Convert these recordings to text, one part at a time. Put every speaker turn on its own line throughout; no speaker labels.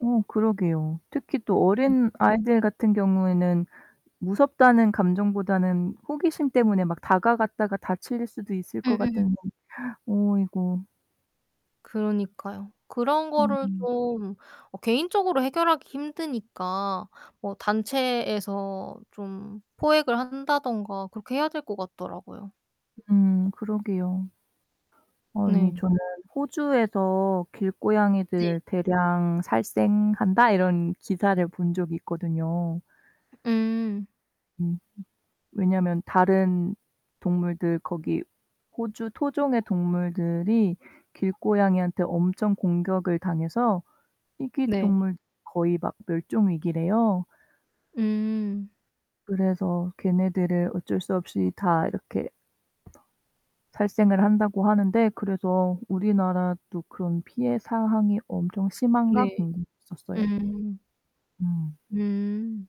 어 그러게요. 특히 또
음.
어린 아이들 같은 경우에는 무섭다는 감정보다는 호기심 때문에 막 다가갔다가 다칠 수도 있을 것
음 음.
같은데. 어이고.
그러니까요. 그런 거를
음음.
좀 어 개인적으로 해결하기 힘드니까 뭐 단체에서 좀 포획을 한다든가 그렇게 해야 될 것 같더라고요.
음 그러게요. 아니
네.
저는 '호주에서
네.
길고양이들 대량 살생한다.' 이런 기사를 본 적이 있거든요.
음.
음. 왜냐면 다른 동물들 거기 호주 토종의 동물들이 길고양이한테 엄청 공격을 당해서 희귀
네.
동물 거의 막 멸종 위기래요.
음.
그래서 걔네들을 어쩔 수 없이 다 이렇게 살생을 한다고 하는데 그래서 '우리나라도 그런 피해 사항이 엄청 심한가?'
네.
궁금했었어요.
음.
음.
음.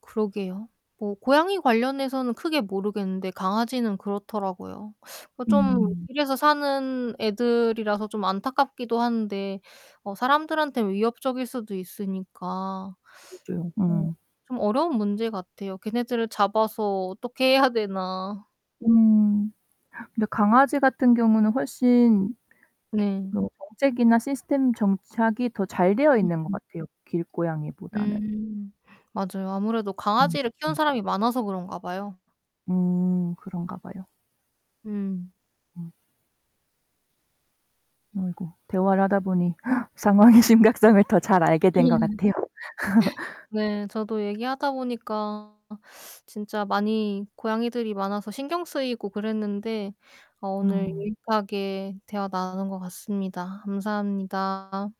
그러게요. 뭐 고양이 관련해서는 크게 모르겠는데 강아지는 그렇더라고요. 좀
음.
길에서 사는 애들이라서 좀 안타깝기도 한데 어 사람들한테 위협적일 수도 있으니까 어
그죠. 음.
좀 어려운 문제같아요. 걔네들을 잡아서 어떻게 해야 되나?
음. 근데 강아지 같은 경우는 훨씬
네.
뭐 정책이나 시스템 정착이 더 잘 되어 있는 것
음음.
같아요, 길고양이보다는.
음 맞아요. 아무래도
음
강아지를 키우는
음.
사람이 많아서 그런가 봐요.
음 그런가 봐요.
음.
음. 아이고 대화를 하다 보니 상황의 심각성을 더 잘 알게 된 것 같아요.
네 저도 얘기하다 보니까 진짜 많이 고양이들이 많아서 신경쓰이고 그랬는데 어 오늘
음.
유익하게 대화 나눈 것 같습니다. 감사합니다.